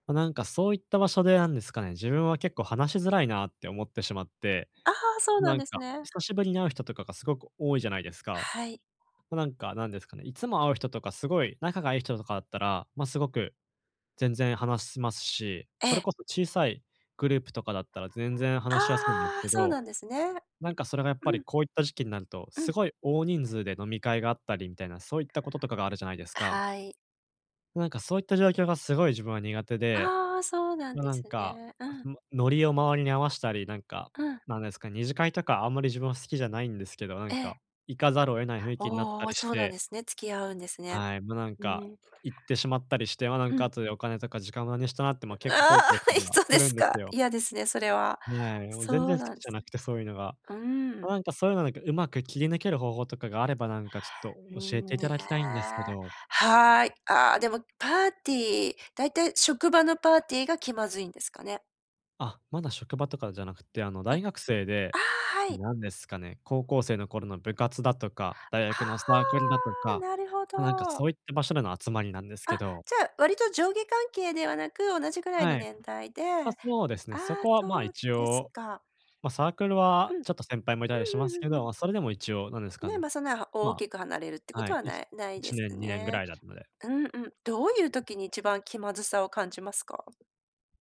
あ、なんかそういった場所でなんですかね、自分は結構話しづらいなって思ってしまって、ああ、そうななんんですかね。久しぶりに会う人とかがすごく多いじゃないですか。はい。となんかなんですかね、いつも会う人とかすごい仲がいい人とかだったら、ま、すごく全然話しますし、えそれえ。こそ小さいグループとかだったら全然話しやすいんですああ、けそうど、なんですね。なんかそれがやっぱうりん。こういった時期になると、うすん。ごい大人数で飲み会があったりみたいな、そういったこととかがあるじゃないですか？はい。なんかそういった状況がすごい自分は苦手で、ああ、そうなんとでなんすか、ね、うん。ま、ノリを周りに合わしたり、なんか、うん。なんですか、二次会とかあんまり自分は好きじゃないんですけど、なえんか、え。行かざるを得ない雰囲気になっあたあ、りしそうなんて。ですね。付き合うんですね。はい、もうなんうか、ん。行ってしまったりして、ま、なんうかん。後でお金とか時間無駄にしたなって、ま、結構あ後悔しあ、たいりはそうすでるすんでか。すよ。嫌ですね、それは。ない、もう全そ然う好なきんじゃす。なくて、そういうのが。うーん。おなんか、そういうのなんか、うまく切り抜ける方法とかがあれば、なんかちょっとうー教えん、ていね、ただきたいんですけど。はい。あ、でもパーティー、だいたい職場のパーティーが気まずいんですかね？あ、まだ職場とかじゃなくて、あの、え、大学生あで、あ、はい。なんですかね、高校生の頃の部活だとか、大あ学のサークルだとあ、か、なるほま、なんかど。そういった場所での集まりなんですけあ、ど。じゃあ、割と上下関係ではなく、同じぐらいのはい。年代で、あ、あそうですね。そあ、こはまそう一です応、か。ま、サークルうん。はうちょっと先輩もいたりしんまうんすけうんうど、ん。ま、それでも一応なんですかね、ね。まあ、そんなは大まきく離れるってあ、こはとい、はいなちいないいでちすねん、2年ぐね。らいだったので。うん、うん、どういう時に一番気まずさを感じますか？